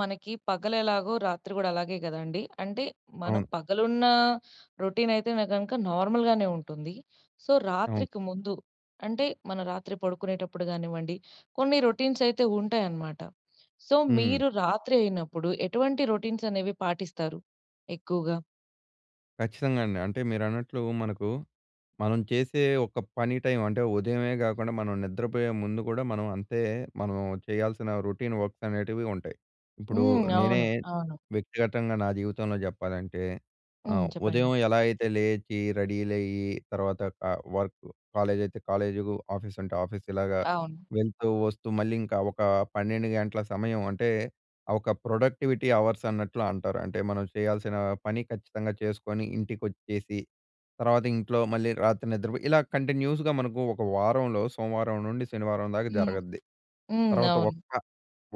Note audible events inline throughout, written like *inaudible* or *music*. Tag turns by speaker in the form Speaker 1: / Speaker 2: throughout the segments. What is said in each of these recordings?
Speaker 1: మనకి పగలు ఎలాగో రాత్రి గూడా అలాగే గ‌దండీ. అంటే మనం
Speaker 2: అవును.
Speaker 1: పగలున్నా రొటీన్ అయితేనే గనక నార్మల్‌గానే ఉంటుంది. సో
Speaker 2: అవును.
Speaker 1: రాత్రికి ముందు అంటే మనం రాత్రి పడుకునేటప్పుడు గా‌నివ్వండి కొన్ని రొ‌టీన్స్ అయితే ఉంటాయనమాట. సో
Speaker 2: హ్మ్.
Speaker 1: మీరు రాత్రి అయినప్పుడు ఎటువంటి రొ‌టీన్స్ అనేవి పాటిస్తారు ఎక్కువుగా?
Speaker 2: ఖచ్చితంగా అండి. అంటే మీరన్నట్లూ మనకు మనం చేసే ఒక పని టైమ్ అంటే ఉదయమే గాకుండా మనం నిద్రపోయే ముందు గూడా మనం అంతే మనం చెయ్యాల్సిన రొటీన్ వర్క్స్ అనేటివి ఉంటాయి. ఇప్పుడూ
Speaker 1: హ్మ్.
Speaker 2: నేనే
Speaker 1: అవును. అవును.
Speaker 2: వ్యక్తిగ‌తంగా నా జీవితంలో జెప్పాలంటే
Speaker 1: హ్మ్.
Speaker 2: ఆహ్, ఉదయం
Speaker 1: చెప్పండి.
Speaker 2: ఎలా అయితే లేచీ రెడీలయ్యి తర్వాత ట వర్క్ కాలేజ్ అయితే కాలేజీలు ఆఫీస్ అంటే ఆఫీస్ ఇలాగా
Speaker 1: అవును.
Speaker 2: వెళ్తూ వస్తూ మళ్ళీ ఇంకా ఒకా 12 గంటల సమయం. అంటే ఒక ప్రొడక్టివిటీ అవర్స్ అన్నట్లు అంటారు. అంటే మనం చెయ్యాల్సినా పని ఖచ్చితంగా చేసుకొని ఇంటికొచ్చేసి తర్వాత ఇంట్లో మళ్ళీ రాత్రి నిద్రపోయి ఇలా కంటిన్యూస్‍గా మనకు ఒక వారంలో సోమవారం నుండి శనివారం దాకా
Speaker 1: హ్మ్.
Speaker 2: జరగద్ది.
Speaker 1: హ్మ్.
Speaker 2: తర్వాత
Speaker 1: అవును.
Speaker 2: ఒక్క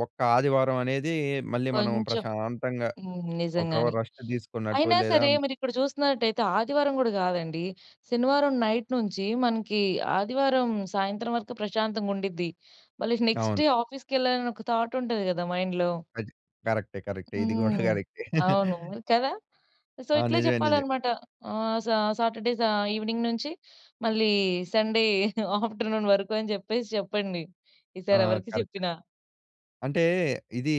Speaker 2: ఒక్క ఆదివారమనేదీ మళ్ళీ మనం
Speaker 1: కొంచెం
Speaker 2: ప్రశాంతంగా
Speaker 1: హ్మ్.
Speaker 2: ఒక్కరవ
Speaker 1: నిజంగానే.
Speaker 2: రెస్ట్ తీసుకున్నట్టు
Speaker 1: అయినా
Speaker 2: లేదా
Speaker 1: సరే మీరు ఇక్కడ జూస్తున్నట్ట‌యితే ఆదివారం గూడా గాదండి. శనివారం నైట్ నుంచీ మనకీ ఆదివారం సాయంత్రం వరకు ప్రశాంతంగా ఉండిద్ది. మళ్ళీ నెక్స్ట్
Speaker 2: అవును.
Speaker 1: డే ఆఫీస్‌కెళ్ళాలని ఒక థాట్ ఉంటది గదా! మైండ్‌లో.
Speaker 2: అది క‌రక్టే. కరక్టే. ఇది *giggles* గూడా
Speaker 1: హ్మ్.
Speaker 2: కరక్టే.
Speaker 1: అవును.
Speaker 2: *laughs*
Speaker 1: కదా! సో
Speaker 2: ఆ!
Speaker 1: ఇట్లే
Speaker 2: నిజమే. నిజే
Speaker 1: చెప్పాలనమాట. ఆహ్, సా సాటర్డే సా ఈవి‌నింగ్ నుంచి మళ్ళీ సండే *chuckles* ఆఫ్టర్‌నూన్ వరకు అని జెప్పేసి చెప్పండి.
Speaker 2: ఆ!
Speaker 1: ఈసారి ఎవరికి
Speaker 2: కరెక్ట్.
Speaker 1: చెప్పినా.
Speaker 2: అంటే ఇదీ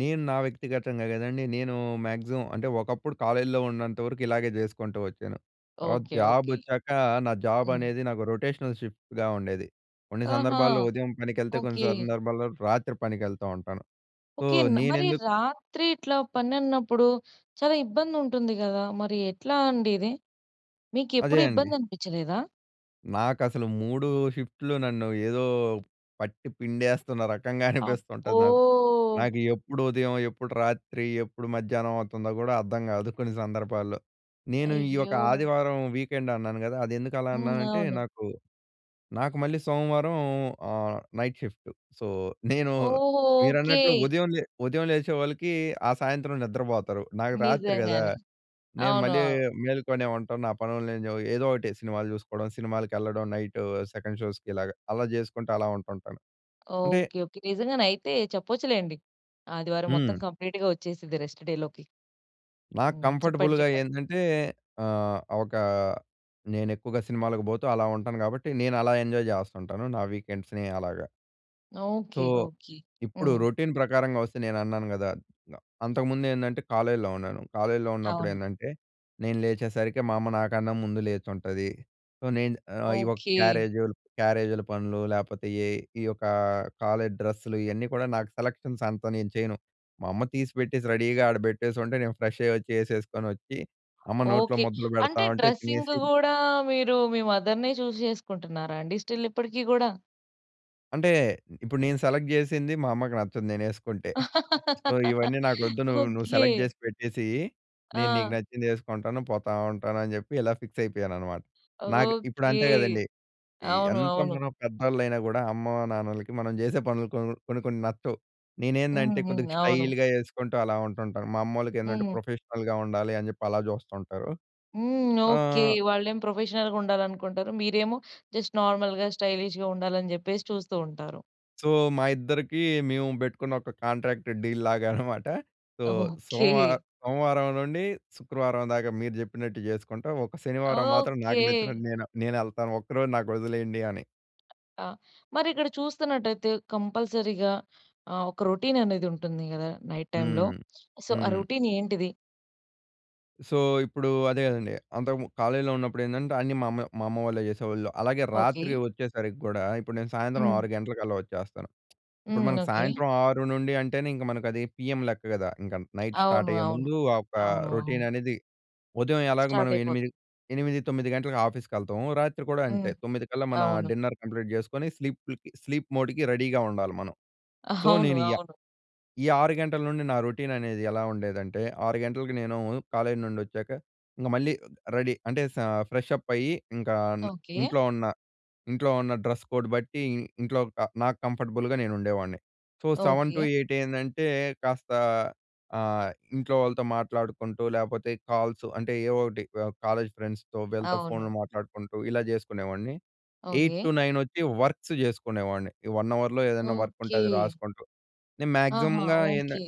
Speaker 2: నేను నా వ్యక్తిగ‌తంగా గదండి. నేనూ మాగ్సిమం అంటే ఒకప్పుడు కాలేజ్‌లో ఉన్నంత వరకు ఇలాగే జే‌సుకుంటూ వచ్చాను. తర్వాత
Speaker 1: ఓకే.
Speaker 2: Job
Speaker 1: okay.
Speaker 2: ఒచ్చాకా నా జాబ్
Speaker 1: హ్మ్.
Speaker 2: అనేది నాకు రొటేషనల్ షిఫ్ట్‌గా ఉండేది. కొన్ని
Speaker 1: ఆహా!
Speaker 2: సందర్భాల్లో ఉదయం పనికెళ్తే కొన్ని
Speaker 1: ఓకే.
Speaker 2: సందర్భాల్లో రాత్రి పనికెళ్తా ఉంటాను. So
Speaker 1: okay. మ మరీ
Speaker 2: నేనెందు
Speaker 1: రాత్రి ఇట్లా పనన్నప్పుడు చాలా ఇబ్బంది ఉంటుంది గదా! మరి ఎట్లా అండి ఇది? మీకు
Speaker 2: అదే
Speaker 1: ఎప్పుడూ
Speaker 2: అండి.
Speaker 1: ఇబ్బంది అనిపిచ్చలేదా?
Speaker 2: నాకు అసలు 3 షిఫ్ట్‌లు నన్ను ఏదో, పట్టి పిండేస్తున్న రకంగా
Speaker 1: అబ్బో!
Speaker 2: అనిపిస్తుంటది నాకు. నాకు ఎప్పుడు ఉదయం, ఎప్పుడు రాత్రి, ఎప్పుడు మధ్యాహ్నం అవుతుందో కూడా అర్థం కాదు కొన్ని సందర్భాల్లో. నేను ఈ యొక్క
Speaker 1: అయ్యో!
Speaker 2: ఆదివారం వీకెండ్ అన్నాను కదా! అది ఎందుకు అలా
Speaker 1: హ్మ్.
Speaker 2: అన్నానంటే
Speaker 1: అవును.
Speaker 2: నాకు, నాకు మళ్ళీ సోమవారం ఆహ్, నైట్ షిఫ్టు సో, నేను
Speaker 1: ఓహ్!
Speaker 2: మీరన్నట్లు
Speaker 1: ఓకె.
Speaker 2: ఉదయం లే ఉదయం లేచే వాళ్ళకి, ఆ సాయంత్రం నిద్రపోతారు. నాకు రాత్రి కదా!
Speaker 1: నిజంగానే!
Speaker 2: నేను
Speaker 1: అవును.
Speaker 2: మళ్ళీ
Speaker 1: అవును.
Speaker 2: మేలుకొనే ఉంటాను. నా పనులు నేను ఏదో ఒకటి సినిమాలు చూసుకోవడం, సినిమాలకెళ్ళడం నైటూ సెకండ్ షోస్‌కి ఇలాగ అలా చేసుకుంటూ అలా ఉంటుంటాను. అంటే
Speaker 1: ఓకె. ఓకె. నిజంగానే అయితే చెప్పొచ్చులేండి. ఆదివారం మొత్తం
Speaker 2: హ్మ్.
Speaker 1: కంప్లీట్‌గా వచ్చేసిద్ది రెస్ట్ డేలోకి.
Speaker 2: నాకు
Speaker 1: హ్మ్. చెప్పండి.
Speaker 2: కంఫర్టబుల్‌గా
Speaker 1: చెప్పండి.
Speaker 2: ఏందంటే ఆహ్, ఒకా నేను ఎక్కువగా సినిమాలకు పోతూ అలా ఉంటాను కాబట్టి, నేను అలా ఎంజాయ్ చేస్తు ఉంటాను. నా వీకెండ్స్‌ని అలాగా. So,
Speaker 1: okay. ఓకె.
Speaker 2: ఇప్పుడు
Speaker 1: హ్మ్.
Speaker 2: రొటీన్ ప్రకారంగా వస్తే, నేను అన్నాను కదా! అంతకుముందు ఏందంటే, కాలేజీలో ఉన్నాను. కాలేజీలో ఉన్నప్పుడు
Speaker 1: అవును.
Speaker 2: ఏందంటే, నేను లేచేసరికి మా అమ్మ నాకన్నా ముందు లేచుంటది. సో, నేను ఆహ్, ఈ యొక్క
Speaker 1: ఓకె.
Speaker 2: క్యారేజుల్ క్యారేజీల పనులు లేకపోతే ఏ ఈ యొక్కా కాలేజ్ డ్రెస్సులు ఇయన్నీ కూడా, నాకు సెలెక్షన్స్ అంతా నేను చేయను. మా అమ్మ తీసిపెట్టేసి రెడీగా ఆడ పెట్టేసుంటే, నేను ఫ్రెష్ అయ్యి వచ్చి. ఏసేసుకొనొచ్చి అమ్మ నోట్లో
Speaker 1: ఓకె.
Speaker 2: ముద్దలు పెడతా
Speaker 1: అంటే,
Speaker 2: ఉంటే
Speaker 1: డ్రెసింగు
Speaker 2: తినేసి
Speaker 1: కూడా మీరు మీ మదర్‌నే చూసి చేసుకుంటున్నారా అండి? స్టిల్ ఇప్పటికి కూడా?
Speaker 2: అంటే ఇప్పుడు నేను సెలెక్ట్ జేసింది మా అమ్మకి నచ్చదు నేనేసుకుంటే. సో,
Speaker 1: *laughs*
Speaker 2: ఇవన్నీ నాకొద్దు నువ్వు నువ్వు
Speaker 1: ఓకే.
Speaker 2: సెలెక్ట్ జేసి పెట్టేసేయి. నేను నీకు
Speaker 1: ఆ!
Speaker 2: నచ్చింది ఏసుకుంటాను. పోతా ఉంటాను అని జెప్పి ఇలా ఫిక్స్ అయిపోయాను అన్నమాట. నాకు ఇప్పుడు
Speaker 1: ఓకే.
Speaker 2: అంతే గదండీ! ఈ
Speaker 1: అవును.
Speaker 2: ఎంత
Speaker 1: అవును.
Speaker 2: మనం పెద్దోళ్ళు అయినా కూడా అమ్మ, నాన్నలకి మనం జేసే పనులు కొన్ కొన్ని, కొన్ని నచ్చవు.
Speaker 1: హ్మ్,
Speaker 2: నేనేందంటే
Speaker 1: హ్మ్.
Speaker 2: కొద్దిగా
Speaker 1: అవును.
Speaker 2: స్టైల్‍గా ఏసుకుంటూ అలా ఉంటుంటాను. మా అమ్మోళ్ళకేందంటే
Speaker 1: హ్మ్.
Speaker 2: ప్రొఫెషనల్‍గా ఉండాలి అని జెప్పి అలా చూస్తుంటారు.
Speaker 1: హ్మ్.
Speaker 2: ఆ
Speaker 1: ఓకే. వాళ్ళేం ప్రొఫెషనల్‌గా ఉండాలనుకుంటారు. మీరేమో జస్ట్ నార్మల్‍గా స్టైలిష్‍గా ఉండాలని జెప్పేసి చూస్తూ ఉంటారు.
Speaker 2: సో, మా ఇద్దరికి మేము పెట్టుకున్న ఒక కాంట్రాక్ట్ డీల్ లాగా అన్నమాట. *chuckles* So,
Speaker 1: okay.
Speaker 2: సోమవా
Speaker 1: *giggles*
Speaker 2: సోమవారం నుండి శుక్రవారం దాకా మీరు జెప్పినట్టు జేసుకుంటా. ఒక శనివారం మాత్రం నాకు
Speaker 1: ఓకే.
Speaker 2: నచ్చినట్టు నేను నేనెళ్తాను. ఒక్కరోజు నాకొదిలేయండి అని.
Speaker 1: ఆ! మరిక్కడ చూస్తున్నట్టయితే కంపల్సరీగా ఆహ్, ఒక రొటీన్ అనేది ఉంటుంది గదా! నైట్ టైమ్‌లో.
Speaker 2: హ్మ్.
Speaker 1: సో, ఆ
Speaker 2: హ్మ్.
Speaker 1: రొటీన్ ఏంటిది?
Speaker 2: సో, ఇప్పుడు అదే గదండీ! అంతకుమన్ కాలేజీలో ఉన్నప్పుడు ఏందంటే అన్నీ మా అమ్మే మా అమ్మ వాళ్ళే జేసేవాళ్ళు. అలాగే రాత్రి
Speaker 1: ఓకే.
Speaker 2: వచ్చేసరికి గూడా ఇప్పుడు నేను సాయంత్రం
Speaker 1: హ్మ్.
Speaker 2: 6 గంటలకల్లా వచ్చేస్తాను. ఇప్పుడు
Speaker 1: హ్మ్.
Speaker 2: మనకు
Speaker 1: ఓకే.
Speaker 2: సాయంత్రం 6 నుండి అంటేనే ఇంక మనకు అది పీఎం లెక్క గదా! ఇంక నైట్
Speaker 1: అవును.
Speaker 2: స్టార్ట్ అయ్యే
Speaker 1: అవును.
Speaker 2: ముందు ఆహ్, ఒక
Speaker 1: అవును.
Speaker 2: రొటీన్
Speaker 1: అవును.
Speaker 2: అనేది ఉదయం ఎలాగో
Speaker 1: స్టార్ట్
Speaker 2: మనం
Speaker 1: అయిపోత్
Speaker 2: 8 8, 9 గంటలకు ఆఫీస్‌కి ఎళ్తాము. రాత్రి కూడా అంతే
Speaker 1: హ్మ్.
Speaker 2: 9 కల్లా మన
Speaker 1: అవును.
Speaker 2: డిన్నర్ కంప్లీట్ జేసుకొని స్లీప్‌లకి స్లీప్ మోడ్‌కి రెడీగా ఉండాలి మనం. సో,
Speaker 1: *giggles* అవును.
Speaker 2: నేను యా
Speaker 1: అవును.
Speaker 2: ఈ 6 గంటల నుండి నా రొటీన్ అనేది ఎలా ఉండేదంటే 6 గంటలకి నేను కాలేజ్ నుండి ఒచ్చాక ఇంగ మళ్ళీ రెడీ అంటే స ఫ్రెష్‌అప్ అయ్యి ఇంకా
Speaker 1: ఓకే.
Speaker 2: ఇంట్లో ఉన్న, ఇంట్లో ఉన్న డ్రెస్ కోడ్ బట్టి ఇంట్లో క నాకు కంఫర్టబుల్‍గా నేను ఉండేవాణ్ణి. So seven to
Speaker 1: okay.
Speaker 2: Eight ఏందంటే కాస్త ఆహ్, ఇంట్లో వాళ్ళతో మాట్లాడుకుంటూ లేపోతే కాల్సు అంటే ఏవో ఒకటి వ కాలేజ్ ఫ్రెండ్స్‌తో వీళ్ళతో ఫోన్‌లు
Speaker 1: అవును.
Speaker 2: మాట్లాడుకుంటూ ఇలా జేసుకునేవాడిని. Eight
Speaker 1: okay.
Speaker 2: టు నైన్ వచ్చి వర్క్స్ చేసుకునేవాడిని. ఈ 1 అవర్‌లో ఏదైనా వర్క్ ఉంటే
Speaker 1: ఓకే.
Speaker 2: అది రాసుకుంటూ నేను
Speaker 1: ఆహా!
Speaker 2: మాక్సిమమ్‌గా ఏందన్
Speaker 1: ఓకే.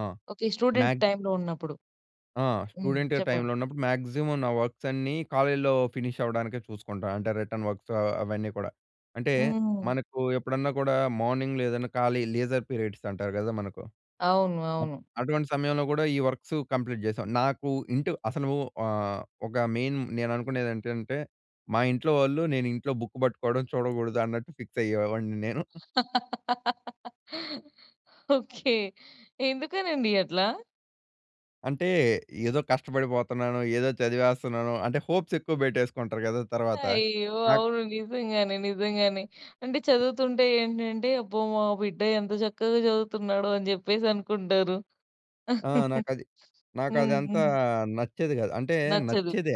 Speaker 2: ఆ!
Speaker 1: ఓకే. స్టూడెంట్
Speaker 2: మ్యాగ్జ్
Speaker 1: టైంలో ఉన్నప్పుడు.
Speaker 2: ఆ!
Speaker 1: హ్మ్.
Speaker 2: స్టూడెంటు
Speaker 1: చెప్పండి.
Speaker 2: టైంలో ఉన్నప్పుడు మాక్సిమం నా వర్క్స్ అన్నీ, కాలేజీలో ఫినిష్ అవ్వడానికే చూసుకుంటా. అంటే రిటర్న్ వర్క్స్ ఆహ్, అవన్నీ కూడా. అంటే,
Speaker 1: హ్మ్.
Speaker 2: మనకు ఎప్పుడన్నా కూడా మార్నింగ్‌లో ఏదైనా ఖాళీ లీజర్ పీరియడ్స్ అంటారు గదా! మనకు
Speaker 1: అవును.
Speaker 2: అప్పు
Speaker 1: అవును.
Speaker 2: అటువంటి సమయంలో గూడా, ఈ వర్క్స్ కంప్లీట్ చేశా. నాకు ఇంటి అసలు ఆహ్, ఒక మెయిన్ నేను అనుకునేది ఏంటంటే, మా ఇంట్లో వాళ్ళు నేను ఇంట్లో బుక్ పట్టుకోవడం చూడకూడదు అన్నట్టు ఫిక్స్ అయ్యేవాడిని నేను. *giggles*
Speaker 1: ఓకే. ఎందుకనండి అట్లా?
Speaker 2: అంటే, ఏదో కష్టపడిపోతున్నాను, ఏదో చదివేస్తున్నాను అంటే, హోప్స్ ఎక్కువ పెట్టేసుకుంటారు కదా! తర్వాత.
Speaker 1: అయ్యో!
Speaker 2: నాక్
Speaker 1: అవును నిజంగానే. నిజంగానే. అంటే చదువుతుంటే, ఏంటంటే అబ్బో! మా బిడ్డ ఎంత చక్కగా చదువుతున్నాడో అని చెప్పేసి అనుకుంటారు.
Speaker 2: ఆ!
Speaker 1: *chuckles*
Speaker 2: నాకు అది నాకు
Speaker 1: హ్మ్.
Speaker 2: అదంతా
Speaker 1: హ్మ్.
Speaker 2: నచ్చేది కాదు. అంటే
Speaker 1: నచ్చదు.
Speaker 2: నచ్చేదే.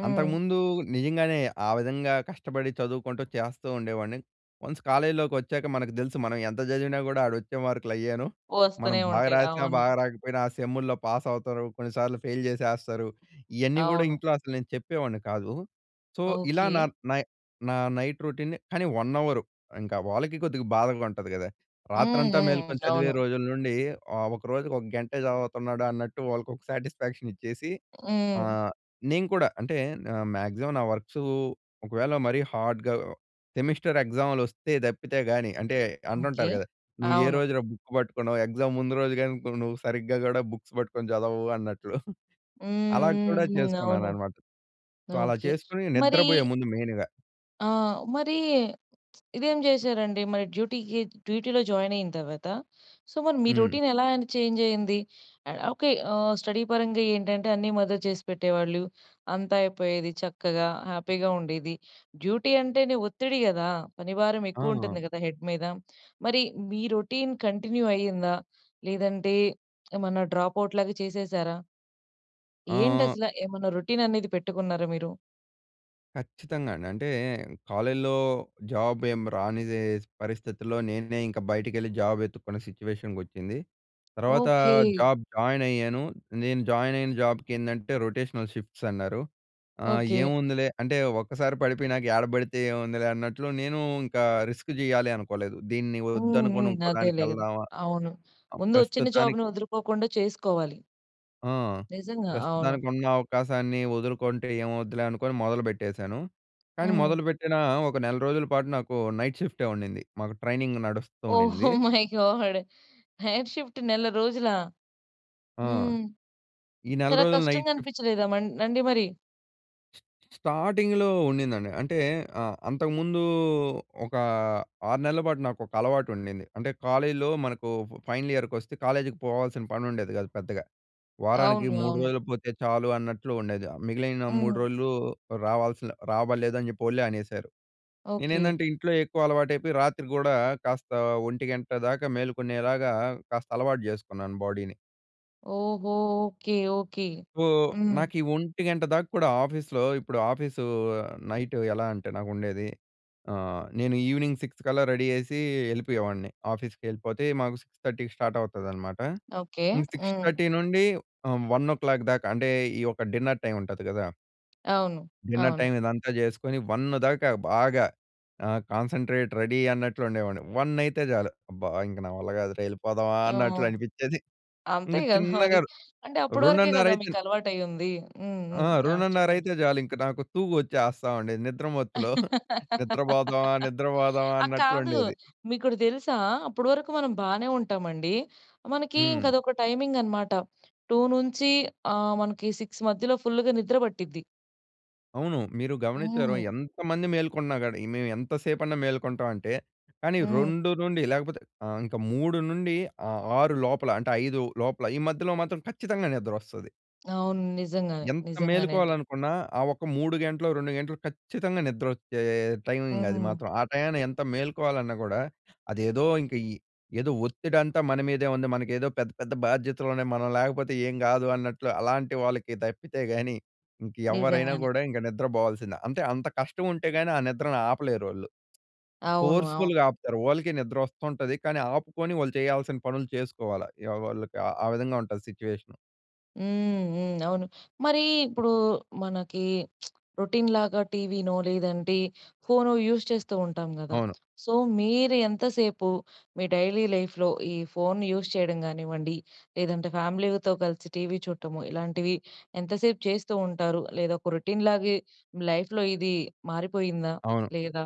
Speaker 1: హ్మ్.
Speaker 2: అంతకుముందు నిజంగానే, ఆ విధంగా కష్టపడి చదువుకుంటూ చేస్తూ ఉండేవాడిని. వన్స్ కాలేజీలోకొచ్చాక మనకు తెలుసు మనం ఎంత చదివినా గూడా, ఆడ వచ్చే మార్కులు అయ్యేను. మనం
Speaker 1: వస్తనే
Speaker 2: బాగా
Speaker 1: ఉంటాయి.
Speaker 2: రాసినా,
Speaker 1: అవును.
Speaker 2: బాగా రాకపోయినా, ఆ సెమ్ముల్లో పాస్ అవుతారు. కొన్నిసార్లు ఫెయిల్ చేసేస్తారు. ఇయన్నీ గూడా
Speaker 1: అవును.
Speaker 2: ఇంట్లో అసలు నేను చెప్పేవాడిని కాదు. సో, ఇలా నా
Speaker 1: ఓకే.
Speaker 2: నై నా నైట్ రొటీన్‌ని కానీ, 1 అవరు, ఇంకా వాళ్ళకి కొద్దిగా బాధగా ఉంటది కదా!
Speaker 1: హ్మ్.
Speaker 2: రాత్రంతా
Speaker 1: హ్మ్.
Speaker 2: మేలుకొని చదివే
Speaker 1: అవును.
Speaker 2: రోజుల నుండి ఆహ్, ఒక రోజుకి ఒక గంటే చదువుతున్నాడు అన్నట్టు వాళ్ళకి ఒక సాటిస్ఫాక్షన్ ఇచ్చేసి,
Speaker 1: హ్మ్.
Speaker 2: ఆహ్, నేను కూడా అంటే మ్యాక్సిమం నా వర్క్సు ఒకవేళ మరీ హార్డ్‌గా సెమిస్టర్ ఎగ్జామ్‌లొస్తే తప్పితే గాని, అంటే
Speaker 1: ఓకే.
Speaker 2: అంటుంటారు గదా! నువ్వు ఏ
Speaker 1: అవును.
Speaker 2: రోజులో బుక్ పట్టుకున్నావు, ఎగ్జామ్ ముందు రోజు గాని, ను నువ్వు సరిగ్గా కూడా బుక్స్ పట్టుకొని చదవవు అన్నట్లు. *giggles*
Speaker 1: హ్మ్.
Speaker 2: అలా కూడా
Speaker 1: హ్మ్. హ్మ్. అవును.
Speaker 2: చేసుకున్నాననమాట. సో, అలా
Speaker 1: ఓకే.
Speaker 2: చేసుకొని
Speaker 1: మరి
Speaker 2: నిద్రపోయే ముందు మెయిన్‌గా.
Speaker 1: ఆ! మరి ఇదేం చేశారండి? మరి డ్యూటీకి డ్యూటీలో జాయిన్ అయిన తర్వాత. సో, మరి మీ
Speaker 2: హ్మ్.
Speaker 1: రొటీన్ ఎలా అండి చేంజ్ అయ్యింది? ఆ! ఓకె. ఆ! స్టడీ పరంగా ఏంటంటే అన్నీ మదర్ చేసి పెట్టేవాళ్ళు అంతా అయిపోయేది చక్కగా హ్యాపీగా ఉండేది. డ్యూటీ అంటేనే ఒత్తిడి కదా! పని భారం ఎక్కువ
Speaker 2: ఆ!
Speaker 1: ఉంటుంది కదా! హెడ్ మీద. మరి మీ రొటీన్ కంటిన్యూ అయిందా? లేదంటే ఏమన్నా డ్రాప్ ఔట్ లాగా చేసేశారా? ఏంటి
Speaker 2: ఆ
Speaker 1: అసలా? ఏమైనా రొటీన్ అనేది పెట్టుకున్నారా మీరు?
Speaker 2: ఖచ్చితంగా అండి. అంటే కాలేజీలో జాబ్ ఏమి రానిదే పరిస్థితిలో నేనే ఇంక బయటికెళ్ళి జాబ్ వెతుక్కున్న సిట్యుయేషన్‌కి వచ్చింది. తర్వాత
Speaker 1: ఓకె.
Speaker 2: జాబ్ జాయిన్ అయ్యాను. నేను జాయిన్ అయిన జాబ్‌కేందంటే రొటేషనల్ షిఫ్ట్స్ అన్నారు. ఆహ్,
Speaker 1: ఓకె.
Speaker 2: ఏముందిలే అంటే ఒక్కసారి పడిపోయనక ఏడ పడితే ఏముందిలే అన్నట్లు నేను ఇంకా రిస్క్ చేయాలి అనుకోలేదు. దీన్ని
Speaker 1: హ్మ్.
Speaker 2: వద్దనుకొని
Speaker 1: హ్మ్.
Speaker 2: ఇంకో దానికి
Speaker 1: అదేలే.
Speaker 2: వెళ్దామా?
Speaker 1: అవును.
Speaker 2: ఆహ్,
Speaker 1: ముందు వచ్చిన
Speaker 2: ప్రస్తుతానికి
Speaker 1: జాబ్‌ని వదులుకోకుండా చేసుకోవాలి.
Speaker 2: ఆ!
Speaker 1: నిజంగా. అవును.
Speaker 2: ప్రస్తుతానికి ఉన్న అవకాశాన్ని వదులుకుంటే ఏమవుద్దులే అనుకోని మొదలుపెట్టేశాను. కానీ
Speaker 1: హ్మ్.
Speaker 2: మొదలుపెట్టిన ఒక నెల రోజుల పాటు నాకు నైట్ షిఫ్టే ఉండింది. మాకు ట్రైనింగ్ నడుస్తూ
Speaker 1: ఓహో!
Speaker 2: ఉండింది
Speaker 1: *giggles* మై గాడ్! నైట్ షిఫ్ట్ నెల రోజులా?
Speaker 2: ఆ!
Speaker 1: హ్మ్.
Speaker 2: ఈ నెల
Speaker 1: చాలా
Speaker 2: రోజులు నైట్
Speaker 1: కష్టంగా
Speaker 2: షిఫ్ట్.
Speaker 1: అనిపించలేదా? మం నండి మరి?
Speaker 2: స్టార్టింగ్‌లో ఉండిందండి. అంటే ఆహ్, అంతకుముందు ఒక 6 నెల్ల పాటు నాకొక అలవాటు ఉండింది. అంటే కాలేజ్‌లో మనకు ఫైనల్ ఇయర్‌కొస్తే కాలేజీకి పోవాల్సిన పని ఉండేది గాదు పెద్దగా. వారానికి
Speaker 1: అవును.
Speaker 2: 3
Speaker 1: అవును.
Speaker 2: రోజులు పోతే చాలు అన్నట్లు ఉండేది. మిగిలిన 3
Speaker 1: హ్మ్.
Speaker 2: రోజులు రావాల్సిన రాబల్లేదు అని జెప్పి వోళ్ళే అనేశారు.
Speaker 1: ఓకే.
Speaker 2: నేనేందంటే ఇంట్లో ఎక్కువ అలవాటయిపోయి రాత్రి గూడా కాస్త 1:00 దాకా మేలుకునేలాగా కాస్త అలవాటు జేసుకున్నాను బాడీని.
Speaker 1: ఓహో! ఓకే. ఓకే.
Speaker 2: సో,
Speaker 1: హ్మ్.
Speaker 2: నాకు ఈ 1:00 దాక కూడా ఆఫీస్‌లో ఇప్పుడు ఆఫీసు నైటు ఎలా అంటే నాకుండేది ఆహ్, నేను ఈవినింగ్ సిక్స్‌కల్లా రెడీ అయ్యేసి యెళ్ళిపోయేవాడిని ఆఫీస్‌కి వెళ్ళిపోతే మాకు 6:30కి స్టార్ట్ అవుతదన్నమాట.
Speaker 1: ఓకే.
Speaker 2: ఇంక సిక్స్
Speaker 1: హ్మ్.
Speaker 2: థర్టీ నుండి ఆహ్, 1:00 దాకా అంటే ఈ ఒక డిన్నర్ టైమ్ ఉంటది గదా!
Speaker 1: అవును.
Speaker 2: డిన్నర్
Speaker 1: అవును.
Speaker 2: టైమ్ ఇదంతా జేసుకొని 1 దాకా బాగా ఆహ్, కాన్సంట్రేట్ రెడీ అన్నట్లు ఉండేవాడిని. 1 అయితే చాలు అబ్బా! ఇంక నా వల్ల కాదురా, యెళ్ళిపోదామా
Speaker 1: ఆ!
Speaker 2: అన్నట్లు అనిపించేది.
Speaker 1: అంతే
Speaker 2: ఇంక
Speaker 1: గదా *giggles* మరి!
Speaker 2: చిన్నగా
Speaker 1: అంటే అప్పడి వరకే
Speaker 2: 2:30
Speaker 1: గదా!
Speaker 2: అయితే
Speaker 1: మీకు అలవాటయ్యుంది. హ్మ్.
Speaker 2: ఆ!
Speaker 1: హ్మ్. ఆ!
Speaker 2: 2:30
Speaker 1: చెప్పండి.
Speaker 2: అయితే చాలు ఇంక నాకు తూగొచ్చేస్తా ఉండేది నిద్రమత్తులో. *giggles* నిద్రపోదామా,
Speaker 1: *laughs*
Speaker 2: నిద్రపోదామా
Speaker 1: ఆహ్, కాదు.
Speaker 2: అన్నట్లుండేది.
Speaker 1: మీకోటి దెలుసా? అప్పడి వరకు మనం బానే ఉంటామండి. మనకి ఇంక
Speaker 2: హ్మ్.
Speaker 1: అదొక టైమింగ్ అన్నమాట. 2 నుంచి ఆహ్, మనకి 6 మధ్యలో ఫుల్లుగా నిద్ర పట్టిద్ది.
Speaker 2: అవును. మీరు గమనించ్చారొ,
Speaker 1: హ్మ్.
Speaker 2: ఎంతమంది మేల్కొన్నా గాని మేము ఎంత సేపన్నా మేల్కొంటామంటే, కానీ
Speaker 1: హ్మ్.
Speaker 2: 2 నుండి లేకపోతే ఆహ్, ఇంకా 3 నుండి ఆహ్, 6 లోపల అంటే, 5 లోపల, ఈ మధ్యలో మాత్రం ఖచ్చితంగా నిద్రొస్తాది.
Speaker 1: అవును నిజంగానే.
Speaker 2: ఎంత
Speaker 1: నిజంగానే అండి.
Speaker 2: మేలుకోవాలనుకున్నా, ఆ ఒక్క 3 గంటలు, 2 గంటలు ఖచ్చితంగా నిద్రొచ్చే టైమింగ్ అది
Speaker 1: హ్మ్.
Speaker 2: మాత్రం. ఆ టైయాన ఎంత మేలుకోవాలన్నా గూడా అదేదో, ఇంక ఈ ఏదో ఒత్తిడంతా మన మీదే ఉంది. మనకేదో పెద్ద, పెద్ద బాధ్యతలున్నాయి. మనం లేకపోతే ఏం కాదు, అన్నట్లు అలాంటి వాళ్ళకి తప్పితే గాని, ఇంక ఎవ్వరైనా
Speaker 1: నిజంగానే.
Speaker 2: గూడా ఇంక నిద్ర బోవాల్సిందే. అంటే, అంత కష్టం ఉంటే గాని ఆ నిద్రను ఆపలేరోళ్ళు.
Speaker 1: అవును. అవును.
Speaker 2: ఫోర్స్‌ఫు‌ల్‌గా ఆపుతారు. వాళ్ళకీ నిద్రొస్తుంటది. కానీ ఆపుకొని, వాళ్ళు చేయాల్సిన పనులు చేసుకోవాల. వాళ్ళకి ఆ విధంగా ఉంటది సిట్యుయేషను.
Speaker 1: హ్మ్. హ్మ్. అవును. మరీ ఇప్పుడూ మనకీ *smacks lips* రొటీన్‌లాగా టీవీనో లేదంటే, ఫోనో యూజ్ చేస్తూ ఉంటాం గదా!
Speaker 2: అవును.
Speaker 1: సో, మీరు ఎంతసేపు, మీ డైలీ లైఫ్‍లో ఈ ఫోన్‌ని యూజ్ చేయడం గానివ్వండి లేదంటే, ఫ్యామిలీతో కలిసి టీవీ చూడటము, ఇలాంటివి ఎంతసేపు చేస్తూ ఉంటారు? లేదా, ఒక రొటీన్‌లాగే లైఫ్‌లో ఇదీ మారిపోయిందా
Speaker 2: అవును.
Speaker 1: లేదా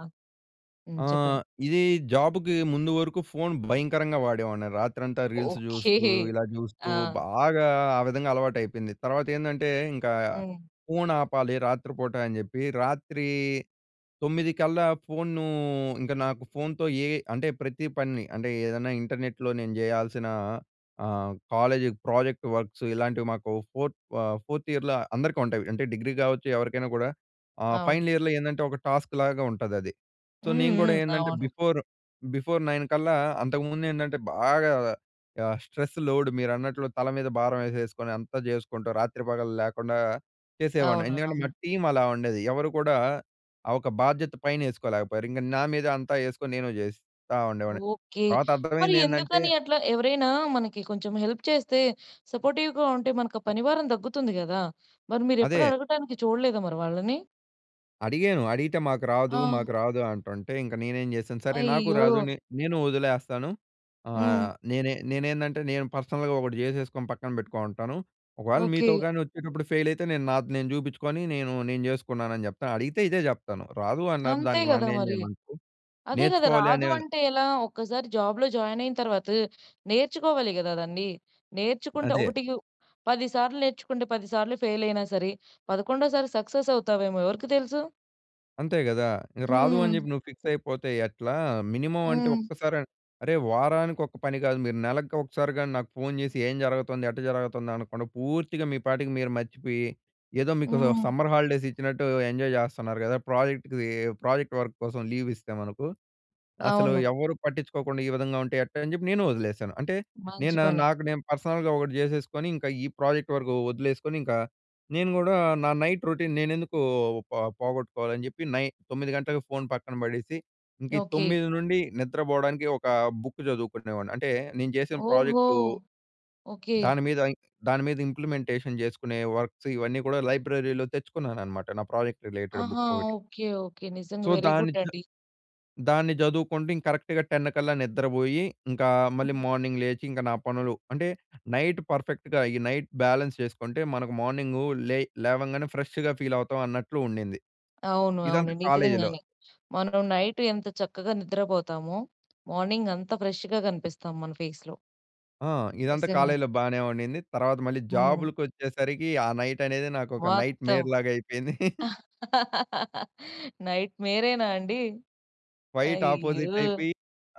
Speaker 1: హ్మ్.
Speaker 2: ఆ!
Speaker 1: చెప్పండి.
Speaker 2: ఇది జాబ్‌కి ముందు వరకు ఫోన్ భయంకరంగా వాడేవాడిని. రాత్రంతా రీల్స్
Speaker 1: ఓకే.
Speaker 2: జూస్తూ, ఇలా జూస్తూ
Speaker 1: ఆ!
Speaker 2: బాగా ఆ విధంగా అలవాటయిపోయింది. తర్వాత ఏందంటే, ఇంకా
Speaker 1: హ్మ్.
Speaker 2: ఫోన్ ఆపాలి రాత్రిపూట అని చెప్పి రాత్రీ 9 కల్లా ఫోన్‌నూ ఇంక నాకు ఫోన్‌తో ఏవి అంటే ప్రతి పనిని అంటే ఏదన్నా ఇంటర్నెట్‍లో నేను జేయాల్సిన ఆహ్, కాలేజీకి ప్రాజెక్ట్ వర్క్సు ఇలాంటివి మాకు ఫోర్త్ ఆహ్, ఫోర్త్ ఇయర్‍ల అందరికుంటాయి. అంటే డిగ్రీ గావచ్చు. ఎవరికైనా గూడా ఆహ్,
Speaker 1: అవును.
Speaker 2: ఫైనల్ ఇయర్‌లో ఏందంటే, ఒక టాస్క్‌లాగా ఉంటాదది. సో,
Speaker 1: హ్మ్,
Speaker 2: నేను గూడా
Speaker 1: హ్మ్.
Speaker 2: ఏందంటే
Speaker 1: అవును.
Speaker 2: బిఫోరు, బిఫోర్ 9 కల్లా అంతకుముందేంటంటే బాగా ఆహ్, స్ట్రెస్సు లోడు మీరన్నట్లు తల మీద భారం యేసేసుకొని, అంతా జేసుకుంటూ రాత్రి, పగలు లేకుండా చేసేవాడిని.
Speaker 1: అవును,
Speaker 2: ఎందుకంటే మా
Speaker 1: అవును.
Speaker 2: టీమలా ఉండేది. ఎవరు కూడా ఆహ్, ఒక బాధ్యత పైన యేసుకోలేకపోయారు. ఇంక నా మీద అంతా యేసుకొని నేను జేస్తా ఉండేవాడిని.
Speaker 1: ఓకే.
Speaker 2: తర్వాత
Speaker 1: మరి
Speaker 2: అర్థమైందేంటంటే
Speaker 1: ఎందుకని అట్లా? ఎవరైనా మనకి కొంచెం హెల్ప్ చేస్తే, సపోర్టివ్‌గా ఉంటే మనకు ఆ పనివారం తగ్గుతుంది కదా! మరి మీరెప్పుడు
Speaker 2: అదే
Speaker 1: అడగటానికి చూడలేదా మరి వాళ్ళని?
Speaker 2: అడిగాను. అడిగితే మాకు రాదు,
Speaker 1: ఆ!
Speaker 2: మాకు రాదు అంటుంటే ఇంక నేనేం చేసాను. సరే నాకు రాదు.
Speaker 1: అయయ్యో!
Speaker 2: నే నేను వదిలేస్తాను.
Speaker 1: హ్మ్.
Speaker 2: ఆహ్, నేనే నేనేందంటే నేను పర్సనల్‌గా ఒకటి జేసేసుకొని పక్కన పెట్టుకొని ఉంటాను. ఒకవేళ
Speaker 1: ఓకె.
Speaker 2: మీతో గాని వచ్చేటప్పుడు ఫెయిల్ అయితే, నేను నాది నేను చూపించుకొని నేను నేను జేసుకున్నానని జెప్తా. అడిగితే ఇదే జెప్తాను రాదు అన్నారు
Speaker 1: అంతే
Speaker 2: దానికి
Speaker 1: గదా
Speaker 2: నన్నేం
Speaker 1: మరి.
Speaker 2: జేయమంటారు,
Speaker 1: అదే గదా!
Speaker 2: నేర్చుకోవాలి
Speaker 1: రాదు
Speaker 2: అనే
Speaker 1: అంటే ఎలా? ఒక్కసారి జాబ్‌లో జాయిన్ అయిన తర్వాత, నేర్చుకోవాలి గదా దండి. నేర్చుకుంటే,
Speaker 2: అదే.
Speaker 1: ఒకటికి 10 సార్లు నేర్చుకుంటే 10 సార్లు ఫెయిల్ అయినా సరే పదకొండో సారి సక్సెస్ అవుతావేమో ఎవరికి తెలుసు?
Speaker 2: అంతే గదా! ఇక రాదు అని
Speaker 1: హ్మ్.
Speaker 2: జెప్పి నువ్వు ఫిక్స్ అయిపోతే ఎట్లా? మినిమమ్ అంటే,
Speaker 1: హ్మ్.
Speaker 2: ఒక్కసారి, అరే! వారానికి ఒక పని గాదు మీరు నెలకొకసారి గాని నాకు ఫోన్ జేసి ఏం జరగుతుంది, ఎట్ట జరగుతుంది అనక్కుండా పూర్తిగా మీ పాటికి మీరు మర్చిపోయి, ఏదో మీకు
Speaker 1: హ్మ్
Speaker 2: సమ్మర్ హాలిడేస్ ఇచ్చినట్టు ఎంజాయ్ జేస్తున్నారు గదా! ప్రాజెక్ట్‌కి ప్రాజెక్ట్ వర్క్ కోసం లీవ్ ఇస్తే మనకు. అసలు
Speaker 1: అవును.
Speaker 2: ఎవరూ పట్టించుకోకుండా ఈ విధంగా ఉంటే, ఎట్టా అని జెప్పి నేను వదిలేసాను. అంటే,
Speaker 1: మంచి
Speaker 2: నేను
Speaker 1: పని.
Speaker 2: నాకు నేను పర్సనల్‌గా ఒకటి జేసేసుకొని, ఇంకా ఈ ప్రాజెక్ట్ వరకు వదిలేసుకొని ఇంకా నేను గూడా నా నైట్ రొటీన్ నేనెందుకూ పొ పోగొట్టుకోవాలని జెప్పి, నై 9 గంటలకు ఫోన్ పక్కన పడేసి, ఇంక
Speaker 1: ఓకె.
Speaker 2: 9 నుండి నిద్రబోడానికి ఒకా బుక్ జదువుకునేవాడిని. అంటే, నేను జేసిన
Speaker 1: ఓహో!
Speaker 2: Project
Speaker 1: okay.
Speaker 2: దాని మీద దాని మీద ఇంప్లిమెంటేషన్ జేసుకునే వర్క్స్ ఇవన్నీ గూడా లైబ్రరీలో తెచ్చుకున్నానన్నమాట. నా ప్రాజెక్ట్ రిలేటెడ్
Speaker 1: ఆహా!
Speaker 2: బుక్ ఒకటి.
Speaker 1: Okay, okay. నిజంగా.
Speaker 2: సో,
Speaker 1: వెరీ
Speaker 2: దాన్ని
Speaker 1: గుడ్
Speaker 2: జ
Speaker 1: అండీ.
Speaker 2: దాన్ని జదువుకుంటూ ఇం కరెక్ట్‌గా 10 కల్లా నిద్రబోయి, ఇంకా మళ్ళీ
Speaker 1: హ్మ్.
Speaker 2: మార్నింగ్ లేచి ఇంక నా పనులు అంటే, నైట్ పర్ఫెక్ట్‌గా ఈ నైట్ బాలన్స్ చేసుకుంటే మనకు మార్నింగు లే లేవంగానే ఫ్రెష్‌గా ఫీల్ అవుతామన్నట్లు ఉండింది.
Speaker 1: అవును, అవును.
Speaker 2: ఇదంతా కాలేజ్‌లో.
Speaker 1: నిజంగానే. మనం నైట్ ఎంత చక్కగా నిద్రబోతామో, మార్నింగ్ అంత ఫ్రెష్‌గా కనిపిస్తాం మన ఫేస్‌లో.
Speaker 2: ఆ! ఇదంతా
Speaker 1: నిజంగా.
Speaker 2: కాలేజీలో బానే ఉండింది. తర్వాత మళ్ళీ
Speaker 1: హ్మ్.
Speaker 2: జాబ్‌‌లుకొచ్చేసరికీ, ఆ నైట్ అనేది నాకు ఒక నైట్
Speaker 1: మొత్తం.
Speaker 2: మేర్‌లాగైపోయింది. *chuckles*
Speaker 1: *laughs* నైట్‌‌మెరేన అండి?
Speaker 2: క్వైట్ ఆపోజిట్
Speaker 1: అయ్యో!
Speaker 2: అయిపోయి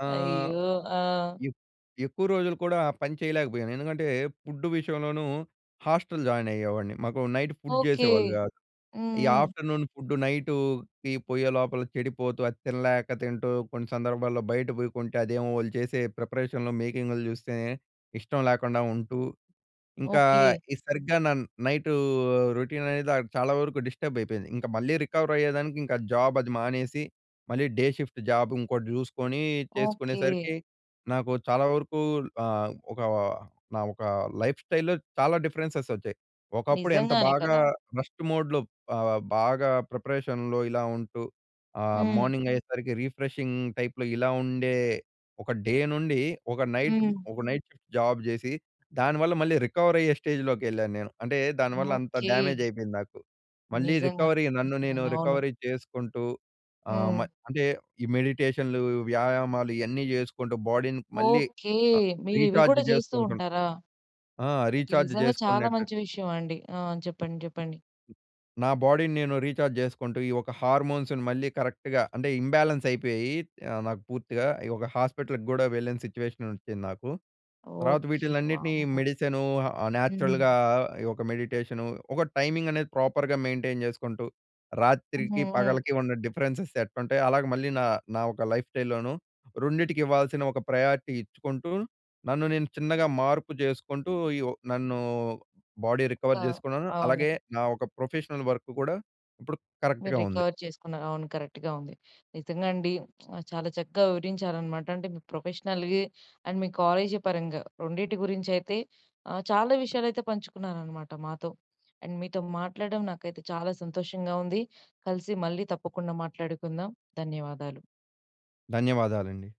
Speaker 2: ఆహ్,
Speaker 1: అయ్యో! ఆ!
Speaker 2: ఎ ఎక్కువ రోజులు కూడా పని చేయలేకపోయాను. ఎందుకంటే, ఫుడ్డు విషయంలోనూ హాస్టల్ జాయిన్ అయ్యేవాడిని. మాకు నైట్ ఫుడ్
Speaker 1: ఓకె.
Speaker 2: జేసేవాళ్ళు గాదు.
Speaker 1: హ్మ్,
Speaker 2: ఈ
Speaker 1: హ్మ్.
Speaker 2: ఆఫ్టర్నూన్ ఫుడ్డు నైటుకి పోయే లోపల చెడిపోతూ, అది తినలేక తింటూ కొన్ని సందర్భాల్లో బయట పోయి కొంటే అదేమో వాళ్ళు చేసే ప్రిపరేషన్‍లో మేకింగులు జూస్తే ఇష్టం లేకుండా ఉంటూ, ఇంకా
Speaker 1: ఓకె.
Speaker 2: ఈ సరిగ్గా నా నైట్ రొటీన్ అనేది చాలా వరకు డిస్టర్బ్ అయిపోయింది. ఇంక మళ్ళీ రికవర్ అయ్యేదానికి ఇంకా జాబ్ అది మానేసి, మళ్ళీ డే షిఫ్ట్ జాబ్ ఇంగోటి జూసుకొని
Speaker 1: ఓకె.
Speaker 2: జేసుకునేసరికి నాకు చాలా వరకూ ఆహ్, ఒకా నా ఒక లైఫ్‌స్టైల్‌లో చాలా డిఫరెన్సెస్ వచ్చాయి. ఒకప్పుడు ఎంత
Speaker 1: నిజంగానే
Speaker 2: బాగా
Speaker 1: కదా!
Speaker 2: రెస్ట్ మోడ్‍లో ఆహ్, బాగా ప్రిపరేషన్‍లో ఇలా ఉంటూ ఆహ్,
Speaker 1: హ్మ్.
Speaker 2: మార్నింగ్ అయ్యేసరికి రిఫ్రెషింగ్ టైప్‌లో ఇలా ఉండే ఒక డే నుండి ఒక నైట్‌
Speaker 1: హ్మ్.
Speaker 2: ఒక నైట్ షిఫ్ట్ జాబ్ జేసి, దానివల్ల మళ్ళీ రికవర్ అయ్యే స్టేజ్‌లోకెళ్ళాను నేను. అంటే దానివల్ల అంత
Speaker 1: ఓకె.
Speaker 2: డ్యామేజ్ అయిపోయింది నాకు. మళ్ళీ
Speaker 1: నిజంగా.
Speaker 2: రికవరీ నన్ను నేను
Speaker 1: నిజంగానే అవును.
Speaker 2: రికవరీ చేసుకుంటూ, ఆహ్, మ
Speaker 1: హ్మ్.
Speaker 2: అంటే ఈ మెడిటేషన్లు, వ్యాయామాలు ఇయన్నీ జేసుకుంటూ బాడీని మళ్ళీ
Speaker 1: ఓకె.
Speaker 2: ఆహ్,
Speaker 1: మీరు ఇవి
Speaker 2: రీచార్జ్
Speaker 1: కూడా జేస్తూ
Speaker 2: జేసుకుంటున్నా.
Speaker 1: ఉంటారా?
Speaker 2: ఆ!
Speaker 1: ఇది
Speaker 2: రీచార్జ్
Speaker 1: నిజంగా చాలా
Speaker 2: జేసుకునేటట్టు.
Speaker 1: మంచి విషయమండి. ఆహ్, చెప్పండి, చెప్పండి.
Speaker 2: నా బాడీని నేను రీచార్జ్ జేసుకుంటూ, ఈ ఒక్క హార్మోన్స్‌ని మళ్ళీ కరెక్ట్‌గా అంటే ఇంబాలెన్స్ అయిపోయీ ఆహ్, నాకు పూర్తిగా ఈ ఒక హాస్పిటల్‌కి గూడా వెళ్ళిన సిట్యుయేషన్ వచ్చింది నాకు. తర్వాత
Speaker 1: ఓకె.
Speaker 2: వీటినన్నిటిని
Speaker 1: వామ్మొ!
Speaker 2: మెడిసిను, ఆ
Speaker 1: హుహు.
Speaker 2: న్యాచురల్‌గా ఈ ఒక్క మెడిటేషను ఒక టైమింగ్ అనేది ప్రాపర్‌గా మెయింటైన్ జేసుకుంటూ
Speaker 1: హ్మ్,
Speaker 2: రాత్రికి,
Speaker 1: హ్మ్.
Speaker 2: పగలికి ఉన్న డిఫరెన్సెస్ ఎట్టుంటాయొ, అలాగ మళ్ళీ నా నా ఒక లైఫ్ స్టైల్‌లోను రెండిటికి ఇవ్వాల్సిన ఒక ప్రయారిటీ ఇచ్చుకుంటూ, నన్ను నేను చిన్నగా మార్పు చేసుకుంటూ ఈ ఒ నన్నూ బాడీ
Speaker 1: ఆ!
Speaker 2: రికవర్ జేసుకున్నాను.
Speaker 1: అవును.
Speaker 2: అలాగే, నా ఒక ప్రొఫెషనల్ వర్క్ కూడా, ఇప్పుడు
Speaker 1: మీరు
Speaker 2: కరెక్ట్‌గా ఉంది.
Speaker 1: రికవర్ చేసుకున్నారు. అవును కరెక్ట్‌గా ఉంది. నిజంగా అండి. *smacks lips* చాలా చక్కగా వివరించారనమాట. అంటే, మీ ప్రొఫెషనల్‌గా అండ్ మీ కాలేజీ పరంగా, రెండిటి గురించి అయితే ఆహ్, చాలా విషయాలైతే పంచుకున్నారనమాట మాతో. అండ్ మీతో మాట్లాడడం నాకైతే చాలా సంతోషంగా ఉంది. కలిసి మళ్ళీ తప్పకుండా మాట్లాడుకుందాం. ధన్యవాదాలు.
Speaker 2: ధన్యవాదాలండి.